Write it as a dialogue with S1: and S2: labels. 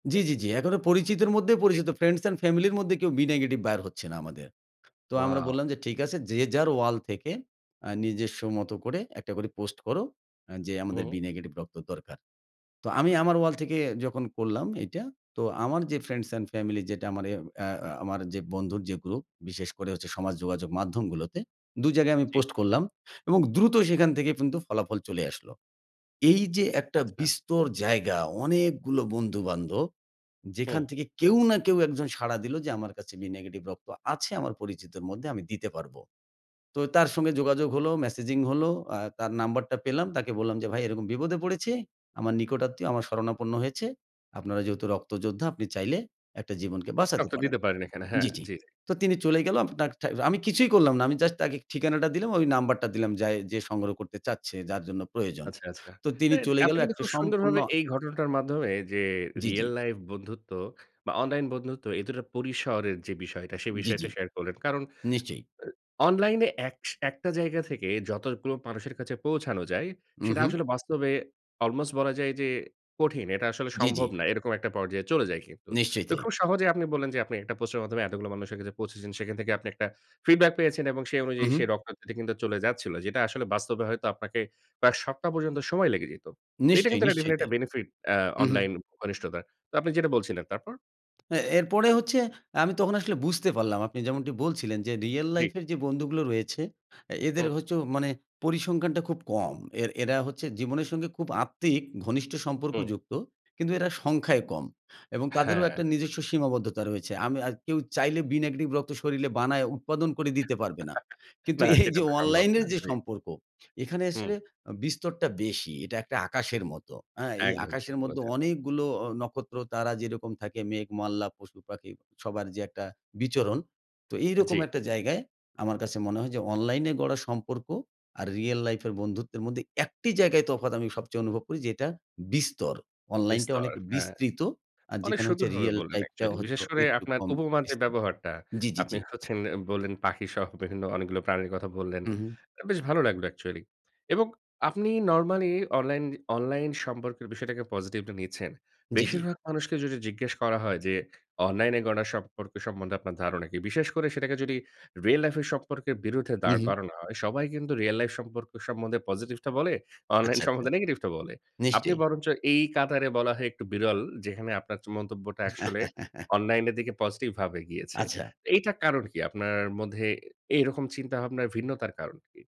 S1: জি, জি, জি। এখনো পরিচিতর মধ্যে পরিচিত।
S2: [unintelligible]
S1: ফ্রেন্ডস অ্যান্ড ফ্যামিলির মধ্যে কেউ 'বি নেগেটিভ' বের হচ্ছে না আমাদের। তো আমরা
S2: ওয়াও!
S1: বললাম যে ঠিক আছে, যে যার ওয়াল থেকে আ নিজস্ব মত করে একটা করে পোস্ট করো আ যে
S2: হু,
S1: আমাদের
S2: হু
S1: 'বি নেগেটিভ' রক্ত দরকার। তো আমি আমার ওয়াল থেকে যখন করলাম এটা তো আমার যে ফ্রেন্ডস অ্যান্ড ফ্যামিলি যেটা আমার এ অ্যা অ্যা আমার যে বন্ধুর যে গ্রুপ বিশেষ করে হচ্ছে সমাজ যোগাযোগ মাধ্যমগুলোতে ২ জায়গায় আমি
S2: জি।
S1: পোস্ট করলাম এবং দ্রুত সেখান থেকে কিন্তু ফলাফল চলে আসলো। এই যে একটা
S2: আচ্ছা।
S1: বিস্তর জায়গা অনেকগুলো বন্ধু-বান্ধব যেখান
S2: হু।
S1: থেকে কেউ না কেউ একজন সাড়া দিলো যে আমার কাছে 'বি নেগেটিভ' রক্ত আছে আমার পরিচিতর মধ্যে আমি দিতে পারব। তো তার সঙ্গে যোগাযোগ হলো, মেসেজিং হলো, আ তার নাম্বারটা পেলাম। তাকে বললাম যে ভাই এরকম বিপদে পড়েছে, আমার নিকটাত্মীয় আমার শরণাপন্ন হয়েছে। আপনারা যেহেতু রক্তযোদ্ধা আপনি চাইলে একটা জীবনকে বাঁচাতে
S2: রক্ত
S1: পারেন
S2: দিতে পারেন এখানে, হ্যাঁ,
S1: জি, জি।
S2: জি, জি।
S1: তো তিনি চলে গেল। আপনার ঠায় আমি কিছুই করলাম না। আমি জাস্ট তাকে ঠিকানাটা দিলাম। ওই নাম্বারটা দিলাম যায়ে যে সংগ্রহ করতে চাচ্ছে যার জন্য প্রয়োজন।
S2: আচ্ছা, আচ্ছা।
S1: তো তিনি
S2: এর
S1: চলে গেল
S2: আপনি কিন্তু
S1: একটা
S2: খুব
S1: সম্পূর্ণ
S2: সুন্দরভাবে এই ঘটনাটার মাধ্যমে যে
S1: জি,
S2: real
S1: জি।
S2: লাইফ বন্ধুত্ব বা অনলাইন বন্ধুত্ব এই দুটার পরিসরের যে বিষয়টা সে
S1: জি,
S2: বিষয়টা
S1: জি।
S2: শেয়ার করলেন। কারণ
S1: নিশ্চয়ই।
S2: অ্যা অনলাইনে একশ একটা জায়গা থেকে যতগুলো মানুষের কাছে পৌঁছানো যায় সেটা
S1: উহু।
S2: আসলে বাস্তবে almost বলা যায় যে কঠিন। এটা আসলে
S1: জি, জি।
S2: সম্ভব না। এরকম একটা পর্যায়ে চলে যায় কিন্তু।
S1: নিশ্চয়
S2: তো
S1: তাই।
S2: খুব সহজেই আপনি বললেন, যে আপনি একটা পোস্টারের মাধ্যমে এতগুলো মানুষের কাছে পৌঁছেছেন সেখান থেকে আপনি একটা ফিডব্যাক পেয়েছেন এবং সেই অনুযায়ী সে
S1: উহু।
S2: রক্ত দিতে কিন্তু চলে যাচ্ছিল। যেটা আসলে বাস্তবে হয়তো আপনাকে প্রায় সপ্তাহ পর্যন্ত সময় লেগে যেত। এটা
S1: নিশ্চয়ই,
S2: কিন্তু একটা
S1: নিশ্চয়ই
S2: definitely
S1: তাই।
S2: একটা benefit আ
S1: উ, হু।
S2: অনলাইন ঘনিষ্ঠতার। তো আপনি যেটা বলছিলেন তারপর?
S1: এ এরপরে হচ্ছে আমি তখন আসলে বুঝতে পারলাম আপনি যেমনটি বলছিলেন যে রিয়েল
S2: জি।
S1: লাইফের যে বন্ধুগুলো রয়েছে, এদের
S2: হুম।
S1: হচ্ছে মানে পরিসংখ্যানটা খুব কম। এর এরা হচ্ছে জীবনের সঙ্গে খুব আত্মিক ঘনিষ্ঠ
S2: হুম।
S1: সম্পর্কযুক্ত। কিন্তু এরা সংখ্যায় কম। এবং তাদেরও
S2: হ্যাঁ।
S1: একটা নিজস্ব সীমাবদ্ধতা রয়েছে। আমি আ কেউ চাইলে 'বি নেগেটিভ' রক্ত শরীলে বানায় উৎপাদন করে দিতে পারবে না। কিন্তু
S2: না
S1: এই
S2: সেটা
S1: যে
S2: তো সম্ভব
S1: অনলাইন
S2: না।
S1: এর যে
S2: জি।
S1: সম্পর্ক, এখানে
S2: হুম।
S1: আসলে বিস্তরটা বেশি। এটা একটা আকাশের মতো। আ এই
S2: একদম ঠিক
S1: আকাশের মধ্যে
S2: বলেছেন।
S1: অনেকগুলো অ নক্ষত্র তারা যেরকম থাকে মেঘ, মল্লা, পশু-পাখি সবার যে একটা বিচরণ তো এইরকম
S2: জি।
S1: একটা জায়গায় আমার কাছে মনে হয় যে অনলাইনে গড়া সম্পর্ক আর রিয়েল লাইফ এর বন্ধুত্বের মধ্যে একটি জায়গায় তফাৎ আমি সবচেয়ে অনুভব করি যেটা বিস্তর। অনলাইনটা
S2: বিস্তর,
S1: অনেক
S2: হ্যাঁ।
S1: বিস্তৃত আর
S2: অনেক
S1: যেখানে হচ্ছে
S2: সুন্দরভাবে
S1: রিয়েল
S2: বললেন
S1: লাইফটাও
S2: actually
S1: হচ্ছে
S2: বিশেষ করে
S1: একটু
S2: আপনার
S1: কম
S2: উপমার যে
S1: বিস্তৃত
S2: ব্যবহারটা
S1: জি, জি,
S2: আপনি
S1: জি।
S2: হচ্ছেন, বললেন পাখি সহ বিভিন্ন অনেকগুলো প্রাণীর কথা বললেন।
S1: উহু।
S2: বেশ ভালো লাগলো অ্যাকচুয়ালি। এবং আপনি নরমালি অনলাইন অনলাইন সম্পর্কের বিষয়টাকে পজিটিভলি নিচ্ছেন।
S1: জি, জি।
S2: বেশিরভাগ মানুষকে যদি জিজ্ঞেস করা হয় যে অনলাইনে গড়া সম্পর্ক সম্বন্ধে আপনার ধারণা কী? বিশেষ করে সেটাকে যদি real লাইফের সম্পর্কের বিরুদ্ধে দাঁড়
S1: উহু।
S2: করানো হয়, সবাই কিন্তু real লাইফ সম্পর্ক সম্বন্ধে পজিটিভটা বলে, অনলাইন
S1: আচ্ছা, আচ্ছা।
S2: সম্বন্ধে নেগেটিভটা বলে। আপনি
S1: নিশ্চয়ই।
S2: বরঞ্চ এই কাতারে বলা হয় একটু বিরল যেখানে আপনার চ মন্তব্যটা আসলে অনলাইনের দিকে পজিটিভভাবে গিয়েছে।
S1: আচ্ছা।
S2: এইটা কারণ কি? আপনার মধ্যে এই রকম চিন্তাভাবনার ভিন্নতার কারণ কি?